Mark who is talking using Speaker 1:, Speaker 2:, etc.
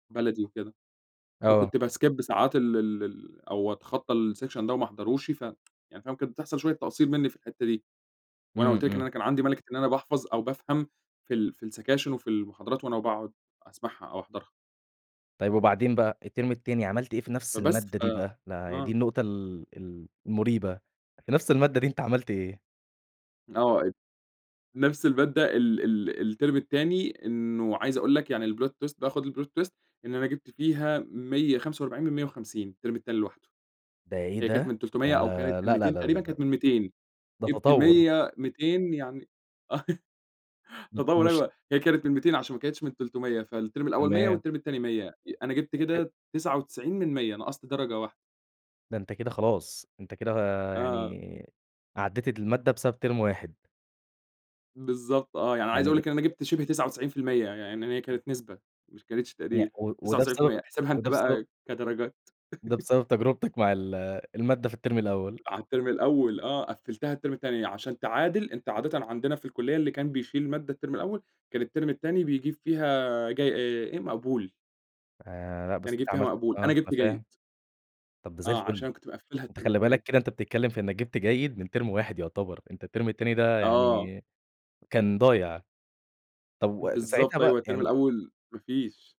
Speaker 1: بلدي وكده،
Speaker 2: آه.
Speaker 1: فكنت بskip ساعات ال ال ال أو أتخطى الsection ده وما احضروش، ف يعني فاهم، كانت بتحصل شوية تقصير مني في الحتة دي، وأنا
Speaker 2: إمم،
Speaker 1: قُلت لك إن
Speaker 2: إمم.
Speaker 1: أنا كان عندي مَلِكة إن أنا باحفظ أو بافهم في ال في السكاشن وفي المحاضرات وأنا باقعد أسمعها أو أحضرها.
Speaker 2: طيّب وبعدين بقى التيرم التاني عملت إيه في نفس
Speaker 1: فبس
Speaker 2: المادة
Speaker 1: ف
Speaker 2: دي بقى، لا دي
Speaker 1: آه
Speaker 2: النقطة ال ال المُريبة، في نفس المادة دي أنت عملت ايه؟
Speaker 1: آه، أب نفس المادة، ال ال التيرم التاني، إنه عايز أقول لَك يعني الplot twist بقى خُد الplot twist إن أنا جِبت فيها 145 من 150 التيرم التاني لوحده. هي كانت
Speaker 2: بعيدة
Speaker 1: من 300 أو كانت
Speaker 2: آآ
Speaker 1: من
Speaker 2: لأ، لأ،
Speaker 1: 200
Speaker 2: لأ، لأ،
Speaker 1: تقريبًا،
Speaker 2: لأ
Speaker 1: كانت من 200
Speaker 2: ده
Speaker 1: جِبت
Speaker 2: تطور.
Speaker 1: 100 200 يعني
Speaker 2: [unintelligible]
Speaker 1: تطور
Speaker 2: مش
Speaker 1: أيوة، هي كانت من 200 عشان ما كانتش من 300 فالتيرم الأول 100 ي
Speaker 2: تمام.
Speaker 1: والتيرم التاني 100 أنا جِبت
Speaker 2: [unintelligible]
Speaker 1: كده 99 من 100 نقصت درجة واحدة.
Speaker 2: ده أنت كده خلاص أنت كده آآ
Speaker 1: آه.
Speaker 2: يعني عديت المادة بسبب تيرم واحد.
Speaker 1: بالضبط، آه، يعني عايز أقول
Speaker 2: يعني
Speaker 1: لَك إن أنا جيبت شبه 99% ي ي يعني هي كانت نسبة، مش ما كانتش
Speaker 2: يع
Speaker 1: تقدير
Speaker 2: و
Speaker 1: تسعة
Speaker 2: وده
Speaker 1: وتسعين في المِيّة،
Speaker 2: بسبب،
Speaker 1: احسبها
Speaker 2: وده
Speaker 1: أنت
Speaker 2: بسبب
Speaker 1: بقى كدرجات
Speaker 2: ده بسبب تجربتك مع ال المادة في التيرم الأول.
Speaker 1: على التيرم الأول آه قفلتها التيرم التاني عشان تعادل أنت عادةً عندنا في الكلية اللي كان بيشيل مادة التيرم الأول كان التيرم التاني بيجيب فيها آآ جي آآ إيه مقبول.
Speaker 2: آآ لأ
Speaker 1: كان
Speaker 2: بس أنت
Speaker 1: يجيب فيها
Speaker 2: عملت
Speaker 1: مقبول،
Speaker 2: آه
Speaker 1: أنا
Speaker 2: أنا
Speaker 1: جِبت جيد.
Speaker 2: فاهم طَب ده زي
Speaker 1: آه عشان
Speaker 2: الفل.
Speaker 1: أنا كنت مقفّلها
Speaker 2: أنت
Speaker 1: التيرم
Speaker 2: خلي
Speaker 1: التاني.
Speaker 2: بالك كده أنت بتتكلم في إنك جيبت جيد من تيرم واحد يعتبر، أنت التيرم التاني ده
Speaker 1: آه.
Speaker 2: يعني كان ضايع، طَب و ساعتها
Speaker 1: بالضبط أيوه
Speaker 2: بقي
Speaker 1: التيرم
Speaker 2: يعني
Speaker 1: الأول ما فيش.